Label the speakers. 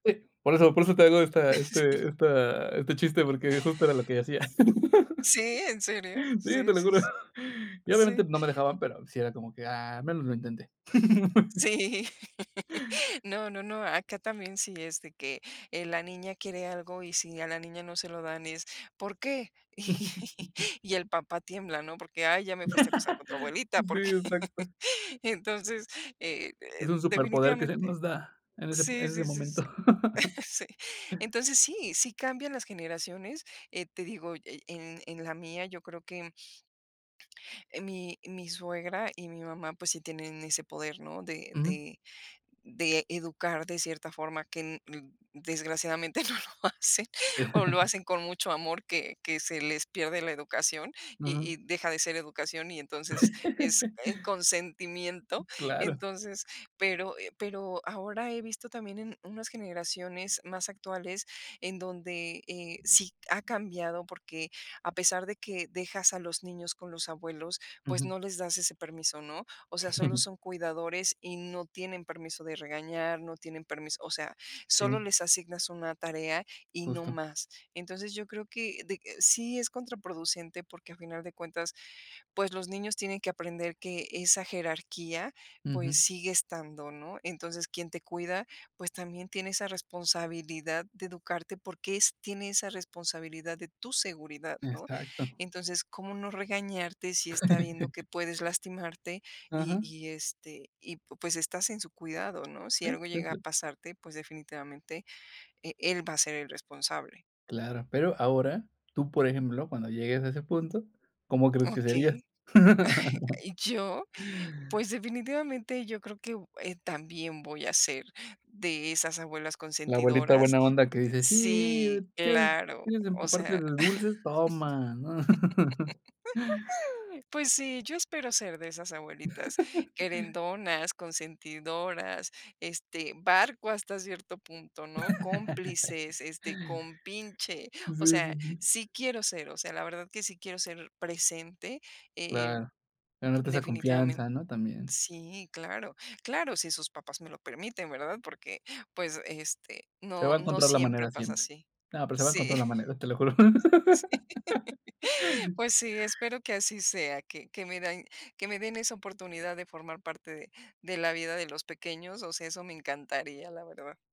Speaker 1: [unintelligible] Por eso por eso te hago esta
Speaker 2: Sí.
Speaker 1: este esta este chiste, porque justo era lo que hacía.
Speaker 2: ¿Sí, en serio?
Speaker 1: Sí, te
Speaker 2: Sí,
Speaker 1: lo
Speaker 2: sí,
Speaker 1: juro.
Speaker 2: sí
Speaker 1: Y obviamente,
Speaker 2: Sí.
Speaker 1: no me dejaban, pero sí era como que: "Ah, al menos lo intenté".
Speaker 2: Sí. No, no, no, acá también sí es de que, eh, la niña quiere algo y si a la niña no se lo dan es, ¿por qué? Y y el papá tiembla, ¿no?, porque: "Ay, ya me fuiste a acusar con tu abuelita",
Speaker 1: Sí,
Speaker 2: porque
Speaker 1: exacto.
Speaker 2: Y entonces, eh eh,
Speaker 1: Es un superpoder que se
Speaker 2: definitivamente
Speaker 1: nos da en ese p
Speaker 2: Sí,
Speaker 1: en ese
Speaker 2: sí, sí, sí,
Speaker 1: momento.
Speaker 2: sí. Entonces sí, sí cambian las generaciones. Eh, te digo, e en en la mía, yo creo que eh, mi mi suegra y mi mamá, pues, sí tienen ese poder, ¿no?, de
Speaker 1: Ujú.
Speaker 2: de de educar de cierta forma, que n d desgraciadamente no lo hacen, o lo hacen con mucho amor, que que se les pierde la educación y
Speaker 1: Ujú.
Speaker 2: y deja de ser educación y entonces es en consentimiento.
Speaker 1: Claro.
Speaker 2: Entonces, pero, eh, pero ahora he visto también en unas generaciones más actuales en donde, eh, sí c ha cambiado, porque a pesar de que dejas a los niños con los abuelos, pues,
Speaker 1: Ujú.
Speaker 2: no les das ese permiso, ¿no? O sea, solo son cuidadores y no tienen permiso de regañar, no tienen permis o sea, solo
Speaker 1: Sí.
Speaker 2: les asignas una tarea y no
Speaker 1: Justo.
Speaker 2: más. Entonces, yo creo que de eh, sí es contraproducente, porque, a final de cuentas, pues, los niños tienen que aprender que esa jerarquía, pues,
Speaker 1: Ujú.
Speaker 2: sigue estando, ¿no? Entonces, quien te cuida, pues, también tiene esa responsabilidad de educarte, porque es tiene esa responsabilidad de tu seguridad, ¿no?
Speaker 1: Exacto.
Speaker 2: Entonces, ¿cómo no regañarte si está viendo que puedes lastimarte y
Speaker 1: Ajá.
Speaker 2: y, este y, pu pues, estás en su cuidado, ¿no? Si
Speaker 1: Sí,
Speaker 2: algo
Speaker 1: sí,
Speaker 2: llega a
Speaker 1: sí.
Speaker 2: pasarte, pues, definitivamente e él va a ser el responsable.
Speaker 1: Claro, pero ahora tú, por ejemplo, cuando llegues a ese punto, ¿cómo crees que serías?
Speaker 2: Okey. Yo, pues, definitivamente, yo creo que u eh, también voy a ser de esas abuelas
Speaker 1: La abuelita
Speaker 2: consentidoras
Speaker 1: buena onda que dice: "Sí,
Speaker 2: Sí,
Speaker 1: ¿quieres
Speaker 2: claro,
Speaker 1: quieres
Speaker 2: o
Speaker 1: empaparte
Speaker 2: sea
Speaker 1: de dulces?, toma", ¿no?
Speaker 2: pues sí, yo espero ser de esas abuelitas, querendonas, consentidoras, este, barco hasta cierto punto, ¿no?, cómplices, este, compinche,
Speaker 1: Sí,
Speaker 2: o
Speaker 1: sí,
Speaker 2: sea,
Speaker 1: sí.
Speaker 2: sí quiero ser, o sea, la verdad que sí quiero ser presente, eh,
Speaker 1: Claro. Ganarte esa
Speaker 2: definitivamen
Speaker 1: confianza, ¿no? También.
Speaker 2: Sí, claro. Claro, si sus papás me lo permiten, ¿verdad?, porque, pues, este,
Speaker 1: Se
Speaker 2: no
Speaker 1: va a
Speaker 2: no
Speaker 1: encontrar la
Speaker 2: siempre
Speaker 1: manera
Speaker 2: pasa
Speaker 1: siempre.
Speaker 2: así.
Speaker 1: No, pero se va a
Speaker 2: Sí
Speaker 1: encontrar la manera, te lo juro.
Speaker 2: Sí. Pues sí, espero que así sea, que que mi dain que me den esa oportunidad de formar parte de de la vida de los pequeños, o sea, eso me encantaría, la verdad.